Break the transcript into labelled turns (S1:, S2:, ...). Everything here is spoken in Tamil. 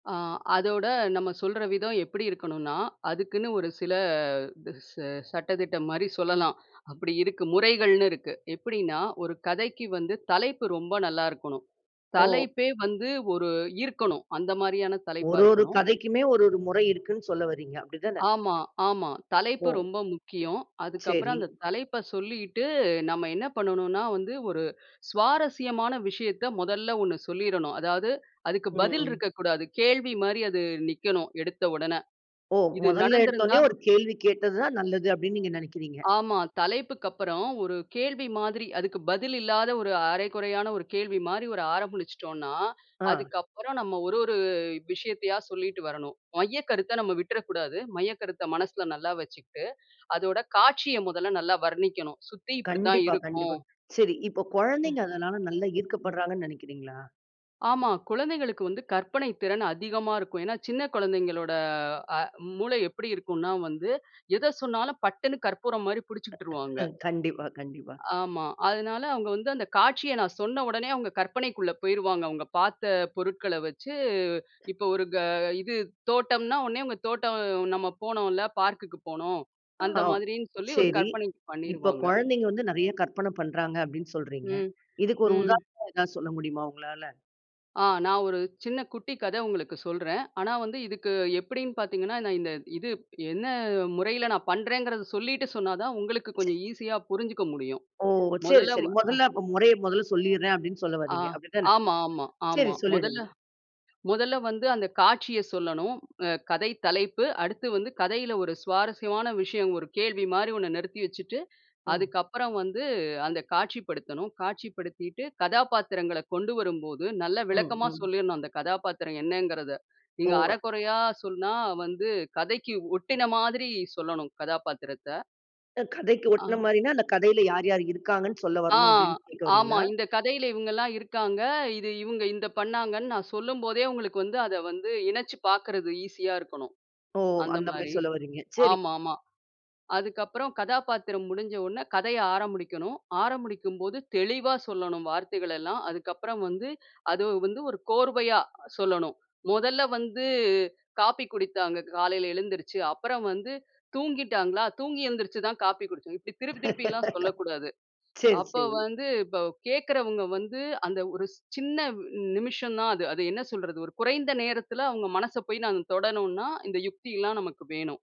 S1: அ அதோட, நம்ம சொல்ற விதம் எப்படி இருக்கணும்ன்னா, அதுக்குன்னு ஒரு சில தா ச சட்ட திட்டம் மாரி சொல்லலாம். அப்படி இருக்கு. முறைகள்னு இருக்கு. எப்டின்னா, ஒரு கதைக்கு வந்து, தலைப்பு ரொம்ப நல்லா இருக்கணும்.
S2: ஓ!
S1: தலைப்பே வந்து, ஒரு ஈர்க்கணும். அந்த மாரியான தலைப்பா
S2: ஒரு ஒரு
S1: இருக்கணும்.
S2: கதைக்குமே, ஒரு ஒரு முறை இருக்குன்னு சொல்ல வரீங்க. அப்டி தானே!
S1: ஆமா, ஆமா. தலைப்பு
S2: ஒ,
S1: ரொம்ப முக்கியம். அதுக்கு அப்புறம்
S2: சரி.
S1: அந்த தலைப்ப சொல்லிட்டு, நம்ம என்ன பண்ணனுன்னா, வந்து ஒரு சுவாரஸ்யமான விஷயத்த முதல்ல 1 சொல்லிரனும். அதாவது, அதுக்கு பதில்
S2: ம்.
S1: இருக்கக்கூடாது. கேள்வி மாரி அது நிக்கணும். எடுத்த உடனே.
S2: ஓ!
S1: இது
S2: மொதல்ல எடுத்த
S1: நடந்திருந்தா!
S2: உடனேயும், ஒரு கேள்வி கேட்டது தான் நல்லது. அப்டின்னு நீங்க நெனைக்கிறீங்க!
S1: ஆமா. தலைப்புக்கு அப்பறம், ஒரு கேள்வி மாதிரி, அதுக்கு பதில் இல்லாத, ஒரு அரைகுறையான ஒரு கேள்வி மாரி, ஒரு ஆரம்பிச்சுட்டோம்ன்னா,
S2: ஆ.
S1: அதுக்கப்புறம் நம்ம, ஒரு ஒரு விஷயத்தையா சொல்லிட்டு வரணும். மையக்கருத்த நம்ம விட்டுற கூடாது. மையக்கருத்த மனசுல நல்லா வச்சுக்கிட்டு, அதோட காட்சிய முதல்ல நல்லா வர்ணிக்கணும். "சுத்தி இப்படி தான்
S2: கண்டிப்பா,
S1: இருக்கும்"
S2: கண்டிப்பா. சரி, இப்போ
S1: ம்.
S2: கொழந்தைங்க அதனால நல்லா
S1: ம்.
S2: ஈர்க்கப்படுறாங்கன்னு நெனைக்கிறீங்களா?
S1: ஆமா. குழந்தைகளுக்கு வந்து கற்பனை திறன் அதிகமா இருக்கும். ஏன்னா, சின்ன குழந்தைங்களோட அ மூளை எப்படி இருக்குன்னா வந்து, எத சொன்னாலும் பட்டுன்னு கற்பூரம் மாரி பிடிச்சுக்கிட்டுருவாங்க.
S2: கண்டிப்பா, கண்டிப்பா.
S1: ஆமா. அதனால அவுங்க வந்து அந்த காட்சிய நான் சொன்ன உடனே, அவுங்க கற்பனைக்குள்ள போயிருவாங்க. அவுங்க பாத்த பொருட்கள வச்சு, இப்போ ஒரு க இது தோட்டம்ன்னா, உடனே அவுங்க தோட்டம் நம்ம போனோம்ல! பார்க்குக்கு போனோம். அந்த
S2: ஆ,
S1: மாதிரின்னு சொல்லி, ஒரு
S2: சரி
S1: கற்பனை
S2: இப்போ
S1: பண்ணிருவாங்க.
S2: "கொழந்தைங்க வந்து நெறையா கற்பனை பண்றாங்க" அப்டின்னு சொல்றீங்க.
S1: ம்,
S2: இதுக்கு ஒரு
S1: ம்.
S2: உதாரணம் ஏதாவது சொல்ல முடியுமா உங்களால?
S1: ஆ, நான் ஒரு சின்ன குட்டி கதை உங்களுக்கு சொல்றேன். ஆனா வந்து, இதுக்கு எப்படின்னு பாத்தீங்கன்னா, நான் இந்த இது என்ன முறையில நான் பண்றேங்குறத சொல்லிட்டு சொன்னா தான், உங்களுக்கு
S2: சரி.
S1: கொஞ்சம் ஈஸியா புரிஞ்சுக்க முடியும்.
S2: ஓ! சரி,
S1: மொதல்ல வ
S2: சரி. மொதல்ல, அப்ப
S1: அ அ.
S2: "முறைய மொதல்ல சொல்லிர்றேன்" அப்டின்னு சொல்ல
S1: ஆ
S2: வர்றீங்க. அப்டி தானே!
S1: ஆமா, ஆமா. ஆமா.
S2: சரி
S1: மொதல்ல
S2: சொல்லிடுங்க.
S1: மொதல்ல வந்து அந்த காட்சிய சொல்லணும். அ கதை தலைப்பு. அடுத்து வந்து கதையில ஒரு சுவாரஸ்யமான விஷயம், ஒரு கேள்வி மாரி ஒண்ணு நிறுத்தி வச்சுட்டு,
S2: ம்.
S1: அதுக்கப்பறம் வந்து, அந்த காட்சிப்படுத்தணும். காட்சிப்படுத்திட்டு, கதாபாத்திரங்கள கொண்டு வரும்போது, நல்லா
S2: ம்,
S1: விளக்கமா
S2: ம்.
S1: சொல்லிரணும் அந்த கதாபாத்திரம் என்னங்கிறத! நீங்க
S2: ஓ!
S1: அரகுறையா சொன்னா, வந்து கதைக்கு ஒட்டின மாதிரி சொல்லணும். கதாபாத்திரத்த.
S2: கதைக்கு ஒட்டின
S1: ஆ.
S2: மாரின்னா, அந்த கதைல யார் யாரு இருக்காங்கன்னு சொல்ல
S1: ஆ,
S2: வரணும். அப்டின்னு கேக்க
S1: ஆமா.
S2: வர்றீங்களா?
S1: இந்த கதையில இவுங்கள்லாம் இருக்காங்க. இது இவுங்க இந்த பண்ணாங்கன்னு நான் சொல்லும் போதே, உங்களுக்கு வந்து அத வந்து இணைச்சுப் பாக்கிறது ஈசியா இருக்கணும்.
S2: ஓ!
S1: அந்த
S2: அந்த மாரி
S1: மாரி.
S2: சொல்ல வறீங்க. சரி.
S1: ஆமா, ஆமா. அதுக்கப்புறம் கதாபாத்திரம் முடிஞ்ச உடனே கதைய ஆரம்பிக்கணும். ஆரம்பிக்கும் போது, தெளிவா சொல்லணும். வார்த்தைகளெல்லாம். அதுக்கப்புறம் வந்து அது வந்து ஒரு கோர்வையா சொல்லணும். "முதல்ல வந்து, காஃபி குடித்தாங்க. காலையில எழுந்துருச்சு. அப்புறம் வந்து தூங்கிட்டாங்களா? தூங்கி எழுந்திரிச்சு தான் காப்பி குடிச்சோம்" இப்படி திருப்பி திருப்பிலாம் சொல்லக்கூடாது.
S2: சரி,
S1: அப்போ
S2: சரி.
S1: வந்து இப்போ கேக்கிறவங்க வந்து அந்த ஒரு சின்ன ந் நிமிஷம் தான் அது. அது என்ன சொல்றது! ஒரு குறைந்த நேரத்தில, அவுங்க மனச போய் நாங்க தொடணும்ன்னா இந்த யுக்தி எல்லாம் நமக்கு வேணும்.